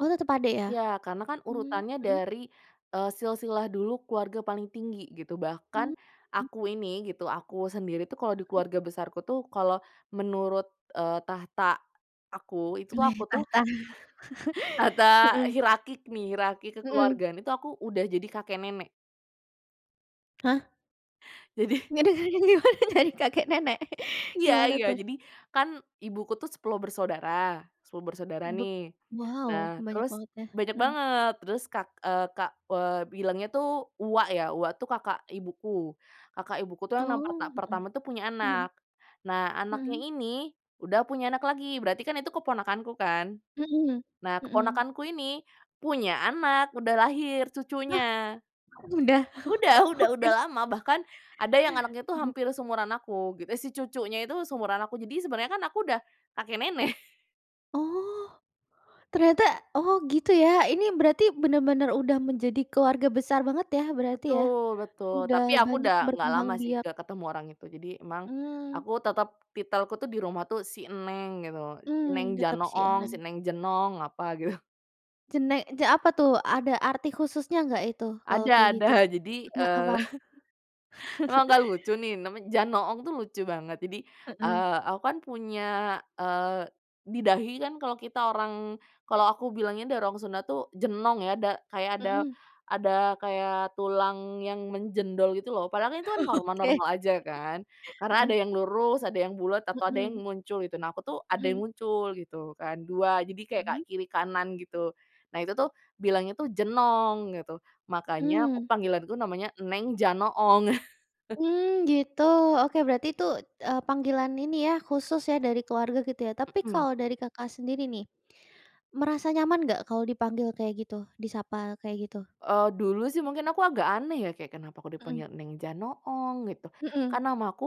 Oh tetap adik ya? Ya, karena kan Mmm, urutannya hmm. dari, eee, silsilah dulu keluarga paling tinggi gitu Mmm, bahkan hmm. aku ini gitu, aku sendiri tuh kalo di Mhm. keluarga besarku tuh kalo menurut, eee, tahta aku itu Weh aku tuh tahta. Tata Hmm. hirarki nih, hirarki Hmm. kekeluargaan, itu aku udah jadi kakek nenek. Hah. Jadi Jadi [unintelligible] gimana jadi kakek nenek? Iya Gimana iya, tuh? jadi kan ibuku tuh 10 bersaudara 10 bersaudara, Beb nih. wow Nah banyak terus banget ya? banyak Hmm. banget. Terus kak eee, kak eee, bilangnya tuh uwak ya, uwak tuh kakak ibuku. Kakak ibuku tuh yang nak perta Oh, hmm. pertama tuh punya Hmm. anak. Nah anaknya Hmm. ini udah punya anak lagi, berarti kan itu keponakanku kan. Hmm. Nah Hmm. keponakanku ini punya anak, udah lahir Hah? cucunya. Udah? Udah udah Oke. udah lama bahkan ada yang anaknya tuh Hmm. hampir seumuran aku gitu, si cucunya itu seumuran aku, Jadi sebenernya kan aku udah, kakek nenek. Oh, ternyata? Oh gitu ya, ini berarti benar-benar udah menjadi keluarga besar banget ya berarti ya? Betul betul, Udah tapi aku banyak udah nggak berkembang lama sih, biak. nggak ketemu orang itu. Jadi emang Mmm. aku tetep titelku tuh di rumah tuh si Neng gitu, si Neng Mmm, tetap si Janoong, si Eneng. Neng Jenong, apa gitu. Jene je apa tuh, ada arti khususnya nggak itu kalau kayak Ada gitu? ada, jadi, Heeh, apa? eee, emang nggak lucu nih, namanya Janoong tuh lucu banget jadi, Heeh. eee, aku kan punya, eee, di dahi kan kalau kita orang kalau aku bilangnya dari orang Sunda tuh, jenong ya, da kayak ada Hmm. ada kayak tulang yang menjendol gitu loh padahal kan itu kan Oke. normal-normal aja kan. Karena ada Heeh. yang lurus, ada yang bulet, atau ada yang Mhm. muncul gitu, nah aku tuh ada Mhm. yang muncul gitu kan, 2, jadi kayak ka Mmm. kiri kanan gitu. Nah itu tuh bilangnya tuh jenong gitu, makanya Mmm. panggilanku namanya Neng Janoong. Mmm, gitu, oke berarti itu, eee, panggilan ini ya, khusus ya dari keluarga gitu ya? Tapi Hmm. kalau dari Kakak sendiri nih, merasa nyaman nggak kalau dipanggil kayak gitu, disapa kayak gitu? Eee, dulu sih mungkin aku agak aneh ya, kayak kenapa aku Hmm. dipanggil Neng Janoong gitu, Hmm. kan namaku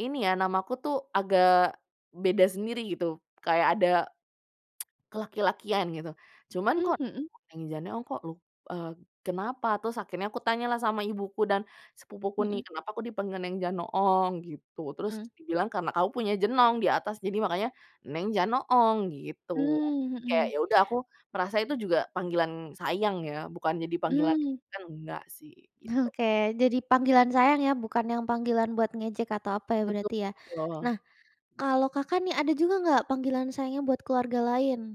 ini ya, namaku tuh agak beda sendiri gitu kayak ada kelaki-lakian gitu. Cuman Mmm, kok hmm. Neng Janoong, kok lu eee, kenapa? Terus akhirnya kutanyalah sama ibuku dan sepupuku nih, Hmm. "Kenapa aku dipanggil Neng Janoong?" gitu. Terus Hmm. dibilang, "Karena kamu punya jenong di atas, jadi makanya Neng Janoong," gitu. Mmm, Jadi kayak hmm. ya udah aku merasa itu juga panggilan sayang ya, bukan jadi panggilan Mmm. [unintelligible] enggak sih, gitu. Oke jadi panggilan sayang ya, bukan yang panggilan buat ngejek atau apa ya berarti ya. Betul. Nah, kalau Kakak nih ada juga nggak panggilan sayangnya buat keluarga lain?